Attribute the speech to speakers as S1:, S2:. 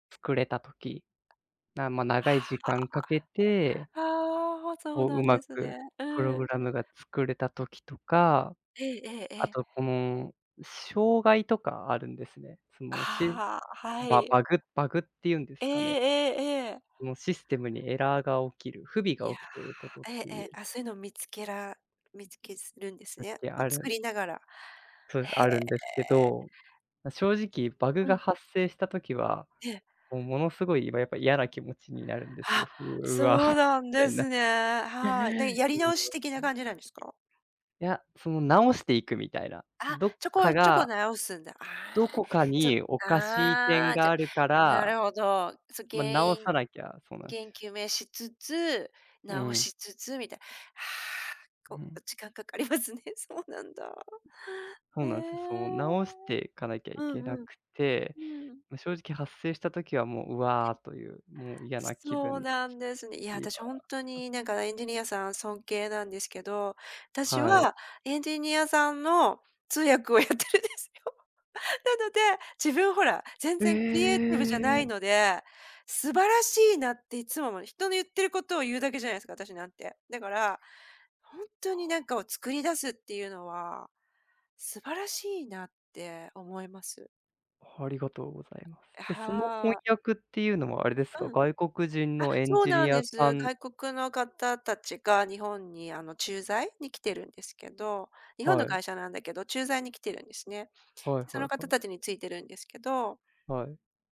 S1: 作れた時。な、ま、
S2: あ
S1: 長い時間かけて
S2: あ、ああ、ああ、そう
S1: を
S2: な
S1: う
S2: ん
S1: ま
S2: です
S1: く
S2: ね。う
S1: プロ
S2: ー
S1: グ
S2: ん。
S1: ラムが作れた時とか。
S2: えええええ
S1: あ
S2: え。
S1: と、この、障害とかあるんですね。その、しん
S2: ああ、は
S1: バ
S2: い。
S1: バグバグって言うんで
S2: ええ
S1: すかね。
S2: ええええ。
S1: そのシステムにエラーが起きる、不備
S2: い
S1: が
S2: や
S1: 起きていることっ
S2: え
S1: て
S2: ええ
S1: い
S2: え、
S1: う [unintelligible]
S2: あ、そういうの見つけら見つけするんです
S1: だっ
S2: ね。
S1: て
S2: を
S1: あ
S2: 作
S1: る。
S2: りながら。
S1: そうです、
S2: へ
S1: あるんですけ
S2: え。
S1: ど。ま、正直バグ
S2: う
S1: が
S2: ん。
S1: 発生した時は、
S2: ええ。
S1: もう、ものすごいやっぱ嫌な気持ちになるんですよ。
S2: あ、
S1: うわ、
S2: そう
S1: み
S2: なん
S1: た
S2: で
S1: いな。
S2: すね、はい。で、やり直し 的な
S1: [unintelligible]
S2: 感じなんですか？
S1: いや、その直していくみたいな。
S2: あ、
S1: どっ
S2: ちょこ
S1: か
S2: ちょこ
S1: が
S2: 直すんだ。
S1: ど
S2: ああ、
S1: こか
S2: ちょ
S1: におかしい
S2: あ
S1: 点
S2: あ、じ
S1: が
S2: ゃ
S1: あるか
S2: な
S1: ら。
S2: るほど。そ
S1: ま、
S2: 原
S1: 直
S2: 因
S1: さなきゃそうなんすよ。
S2: 原因究明しつつ、
S1: うー
S2: 直
S1: ん。
S2: しつつみたいな。
S1: う
S2: はあ、お
S1: ん。
S2: お時間かかりますね。そうなんだ。
S1: そう
S2: え
S1: なんですよ。その、
S2: え。
S1: 直していかなきゃ
S2: う
S1: い
S2: ん
S1: けな
S2: うん。
S1: くて。
S2: うん。
S1: まあ、正直発生した時はもう、「う
S2: [unintelligible]
S1: わ」という、もう、嫌な気
S2: そう
S1: 分
S2: なんですね。いや、
S1: に
S2: 私、ほん
S1: は
S2: とに、なんか、エンジニアさん尊敬なんですけど。私
S1: はい。
S2: はエンジニアさんの通訳をやってるんですよ。なので、自分、ほら、全
S1: え
S2: 然クリエイティブじゃない
S1: え。
S2: ので、素晴らしいなっていつも思う。人の言ってることを言うだけじゃないですか、私なんて。だから、ほん
S1: あ
S2: とになん
S1: あ。
S2: かを作り出すっていうのは、素晴らしいなって思います。
S1: ありがとうございます。ええ、その翻
S2: はあ。
S1: 訳っていうのはあれです
S2: う
S1: か？
S2: ん。
S1: 外国人
S2: あ、
S1: のエン
S2: そう
S1: ジ
S2: なん
S1: ニア
S2: で
S1: さ
S2: す。
S1: ん
S2: 外国の方たちが日本に、あの、駐在に来てるんですけど。日本
S1: は
S2: の
S1: い。
S2: 会社なんだけど、駐在に来てるんですね。で、
S1: はい
S2: そ
S1: は
S2: の
S1: い
S2: 方
S1: はい。
S2: 達についてるんですけど
S1: はい。